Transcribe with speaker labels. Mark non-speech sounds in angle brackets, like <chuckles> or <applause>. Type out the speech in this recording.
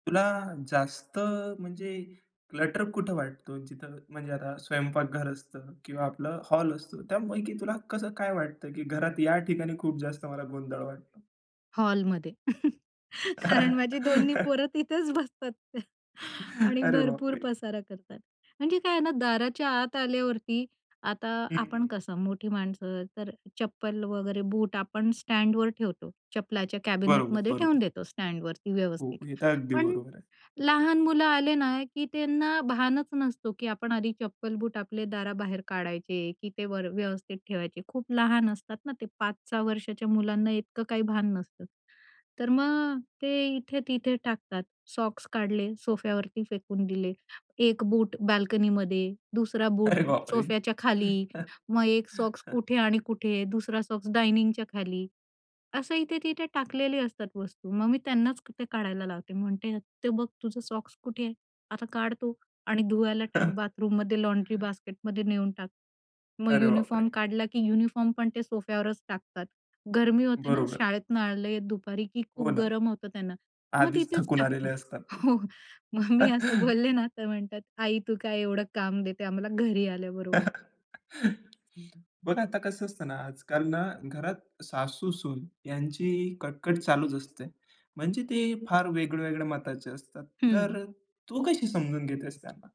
Speaker 1: तुला जास्त म्हणजे क्लटर कुठं वाटतो. जिथं म्हणजे आता स्वयंपाकघर असतं किंवा आपलं हॉल असतो. त्यापैकी तुला कसं काय वाटतं, की घरात या ठिकाणी खूप जास्त मला गोंधळ वाटतो?
Speaker 2: हॉलमध्ये. <laughs> कारण माझी दोन्ही पोरं
Speaker 1: <laughs>
Speaker 2: तिथेच बसतात. <chuckles> आणि
Speaker 1: <inhales> अरे बाप
Speaker 2: भरपूर
Speaker 1: रे!
Speaker 2: पसारा करतात. म्हणजे काय आहे ना दाराच्या आत आल्यावरती, आता
Speaker 1: हं,
Speaker 2: आपण
Speaker 1: हं.
Speaker 2: कसं मोठी माणसं, तर चप्पल वगैरे बूट आपण स्टँडवर ठेवतो चप्पलाच्या
Speaker 1: बरोबर,
Speaker 2: कॅबिनेटमध्ये ठेवून
Speaker 1: बरोबर.
Speaker 2: देतो स्टँडवरती
Speaker 1: हो.
Speaker 2: व्यवस्थित.
Speaker 1: हे तर अगदी
Speaker 2: पण
Speaker 1: बरोबर आहे.
Speaker 2: लहान मुलं आले ना, की त्यांना भानच नसतो, की आपण आधी चप्पल-बूट आपले दाराबाहेर काढायचे की ते वर व्यवस्थित ठेवायचे. खूप लहान असतात ना ते 5-6 वर्षाच्या मुलांना इतकं काही भान नसतं. तर मग ते इथे-तिथे टाकतात. सॉक्स काढले सोफ्यावरती फेकून दिले. एक बूट बाल्कनीमध्ये, दुसरा बूट
Speaker 1: अरे बाप रे!
Speaker 2: सोफ्याच्या खाली. मग एक सॉक्स
Speaker 1: <chuckles>
Speaker 2: कुठे आणि कुठे. दुसरा सॉक्स डायनिंगच्या खाली. असं इथे-तिथे टाकलेले असतात वस्तू. मग मी त्यांनाच ते काढायला लावते. म्हणते, "ते बघ तुझं सॉक्स कुठे आहे. आता काढ तो आणि धुवायला टाक बाथरूममध्ये लॉन्ड्री
Speaker 1: <chuckles>
Speaker 2: बास्केटमध्ये नेऊन टाक." मग
Speaker 1: अरे बाप
Speaker 2: युनिफॉर्म
Speaker 1: रे!
Speaker 2: काढला की युनिफॉर्म पण ते सोफ्यावरच टाकतात. गर्मी होते ना,
Speaker 1: बरोबर.
Speaker 2: शाळेतून आले दुपारी की
Speaker 1: हो
Speaker 2: खूप
Speaker 1: ना.
Speaker 2: गरम होतं त्यांना. मग
Speaker 1: आधीच
Speaker 2: तिथेच
Speaker 1: थकून आलेले
Speaker 2: टाकतात.
Speaker 1: असतात ते.
Speaker 2: हो. मग मी असं बोलले
Speaker 1: <chuckles>
Speaker 2: ना तर म्हणतात, "आई तू काय एवढं काम देते आम्हाला घरी आल्याबरोबर."
Speaker 1: <chuckles> बघ आता कसं असतं ना, आजकाल ना घरात सासू-सून यांची कटकट चालूच असते. म्हणजे ते फार वेगळ्या-वेगळ्या मताचे असतात. तर
Speaker 2: हं.
Speaker 1: अ, तू कशी समजून घेतेस त्यांना?